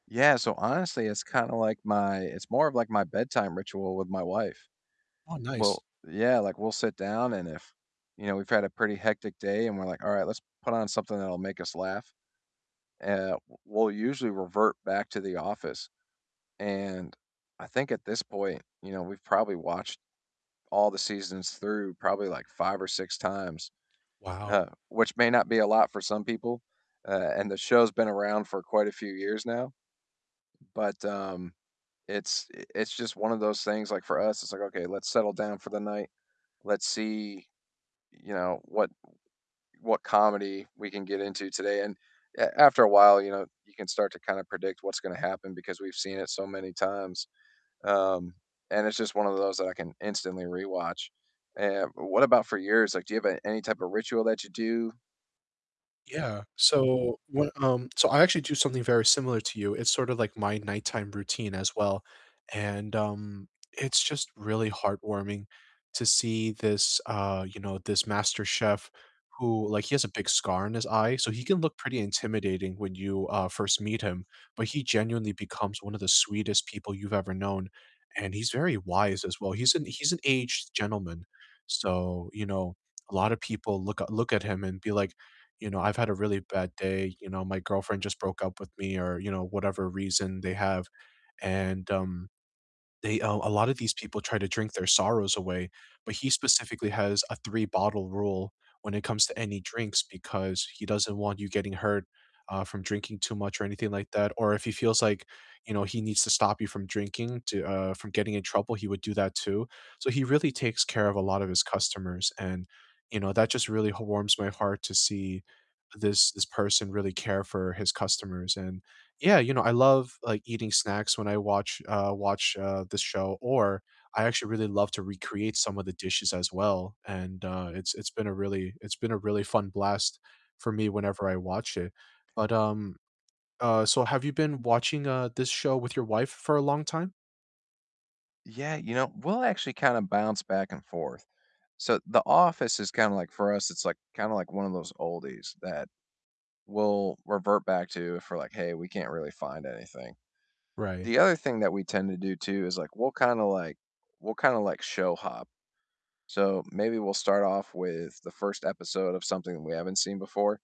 Yeah, so honestly, it's kinda like my It's more of like my bedtime ritual with my wife. Oh, nice. Well, yeah, like we'll sit down and if, you know, we've had a pretty hectic day and we're like, "All right, let's put on something that'll make us laugh," e uh, w we'll usually revert back to The Office, and I think at this point, you know, we've probably watched all the seasons through probably like 5 or 6 times, Wow. uh, which may not be a lot for some people. Uh, and the show's been around for quite a few years now. But, um, it's i it's just one of those things, like for us, it's like, "Okay, let's settle down for the night. Let's see you know, what what comedy we can get into today." And a after a while, you know, you can start to kinda predict what's gonna happen because we've seen it so many times. Um, and it's just one of those that I can instantly rewatch. Eh, what about for yours? Like, do you have a any type of ritual that you do? Yeah, so when, um So I actually do something very similar to you. It's sort of like my nighttime routine as well. And, um, it's just really heartwarming to see this, uh, you know, this master chef who like, he has a big scar on his eye, so he can look pretty intimidating when you, uh, first meet him. But he genuinely becomes one of the sweetest people you've ever known, and he's very wise as well. He's an he's an aged gentleman. So, you know, a lotta people look a look at him and be like, you know, "I've had a really bad day," you know, "My girlfriend just broke up with me," or, you know, whatever reason they have. And, um, they, uh A lot of these people try to drink their sorrows away. But he specifically has a three-bottle rule when it comes to any drinks, because he doesn't want you getting hurt, uh, from drinking too much or anything like that. Or if he feels like, you know, he needs to stop you from drinking to, uh, from getting in trouble, he would do that too. So he really takes care of a lot of his customers and, you know, that just really h warms my heart to see this this person really care for his customers. And yeah, you know, I love, like, eating snacks when I watch, uh, watch, uh, this show, or I actually really love to recreate some of the dishes as well. And, uh, it's it's been a really it's been a really fun blast for me whenever I watch it. But, um, uh, so have you been watching, uh, this show with your wife for a long time? Yeah. You know, we'll actually kinda bounce back and forth. So, The Office is kinda like for us, it's like kinda like one of those oldies that we'll revert back to if we're like, "Hey, we can't really find anything." Right. The other thing that we tend to do too is like we'll kinda like we'll kinda like show hop. So maybe we'll start off with the 1st episode of something that we haven't seen before